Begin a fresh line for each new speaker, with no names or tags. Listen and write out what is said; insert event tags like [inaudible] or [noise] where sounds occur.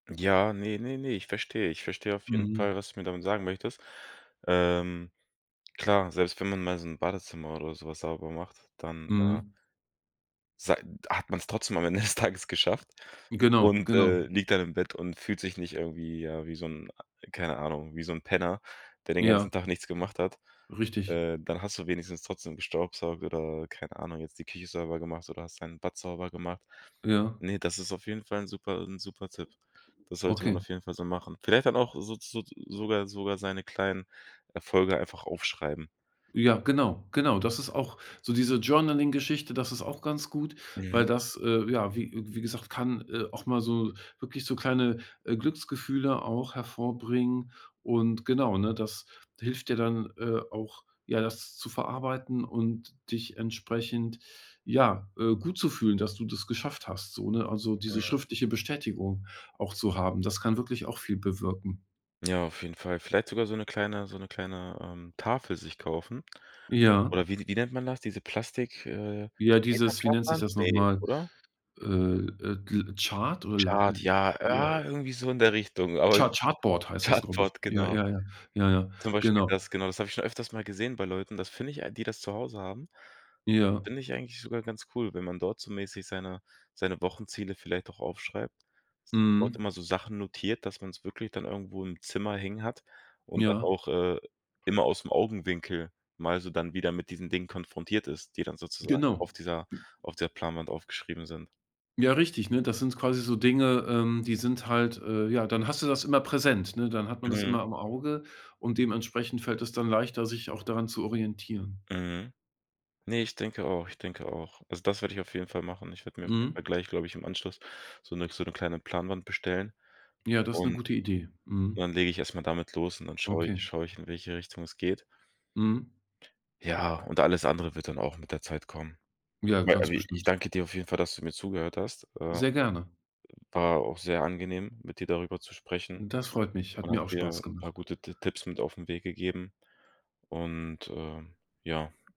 Ja, ne, ne, ne, ich verstehe ich verstehe auf jeden
Mhm.
Fall, was du mir damit sagen möchtest. Ähm, klar, selbst wenn man mal so 'n Badezimmer oder so was sauber macht, dann, äh
Mhm.
sei hat man's trotzdem am Ende des Tages geschafft
Genau,
und, äh,
genau.
liegt dann im Bett und fühlt sich nicht irgendwie, ja, wie so 'n ah, keine Ahnung, wie so 'n Penner, der den
Ja.
ganzen Tag nichts gemacht hat.
Richtig.
Äh, dann hast du wenigstens trotzdem gestaubsaugt oder, keine Ahnung, jetzt die Küche sauber gemacht oder hast dein Bad sauber gemacht.
Ja.
Ne, das ist auf jeden Fall 'n super 'n super Tipp. Das sollte man
Okay.
auf jeden Fall so machen. Vielleicht dann auch sozu soz sogar sogar seine kleinen Erfolge einfach aufschreiben.
Ja, genau, genau. Das ist auch so diese Journaling-Geschichte, das ist auch ganz gut, weil
Mhm.
das, äh, ja, wie wie gesagt, kann, äh, auch mal so wirklich so kleine, äh, Glücksgefühle auch hervorbringen und genau, ne, das hilft dir dann, äh, auch, ja, das zu verarbeiten und dich entsprechend, ja, äh, gut zu fühlen, dass du das geschafft hast, so, ne, also diese
Mhm.
schriftliche Bestätigung auch zu haben. Das kann wirklich auch viel bewirken.
Ja, auf jeden Fall. Vielleicht sogar so 'ne kleine so 'ne kleine, ähm, Tafel sich kaufen.
Ja.
Oder wie die wie nennt man das, diese Plastik, äh,
Ja, dieses, wie
[unintelligible]
nennt sich das noch
ne,
mal,
oder?
äh, äh, gl Chart oder la.
Chart, ja,
[unintelligible]
ja, irgendwie so in der Richtung, aber.
Cha
[unintelligible]
Chartboard heißt das, glaube ich.
Chartboard,
Ja,
genau.
ja, ja, ja, ja,
Zum Beispiel
genau.
das, genau, das habe ich schon öfters mal gesehen bei Leuten. Das finde ich ei die das zu Hause haben,
Ja.
finde ich eigentlich sogar ganz cool, wenn man dort so mäßig seine seine Wochenziele vielleicht auch aufschreibt, so dort
Mhm.
immer so Sachen notiert, dass man's wirklich dann irgendwo im Zimmer hängen hat und dann
Ja.
auch, äh, immer aus'm Augenwinkel mal so dann wieder mit diesen Dingen konfrontiert ist, die dann sozusagen
Genau.
auf dieser
[unintelligible]
auf der Planwand aufgeschrieben sind.
Ja, richtig, ne? Das sind quasi so Dinge, ähm, die sind halt, äh ja, dann hast du das immer präsent, ne? Dann hat man das
Mhm.
immer im Auge und dementsprechend fällt es dann leichter, sich auch daran zu orientieren.
Mhm. Ne, ich denke auch, ich denke auch. Also, das werde ich auf jeden Fall machen. Ich werde mir auf jeden
Mhm.
Fall gleich, glaube ich, im Anschluss so 'ne so 'ne kleine Planwand bestellen
Ja, das 'ne
und
gute Idee. Mhm.
dann lege ich erst mal damit los und dann schaue ich
Okay.
schaue ich, in welche Richtung es geht.
Mhm.
Ja, und alles andere wird dann auch mit der Zeit kommen.
Ja,
Aber
ganz
abi ich
bestimmt.
danke dir auf jeden Fall, dass du mir zugehört hast, äh
Sehr gerne.
war auch sehr angenehm, mit dir darüber zu sprechen
Das freut mich, hat
und hat
mir auch
mir
Spaß
'n paar
gemacht.
gute Ti Tipps mit auf 'n Weg gegeben und, äh, ja.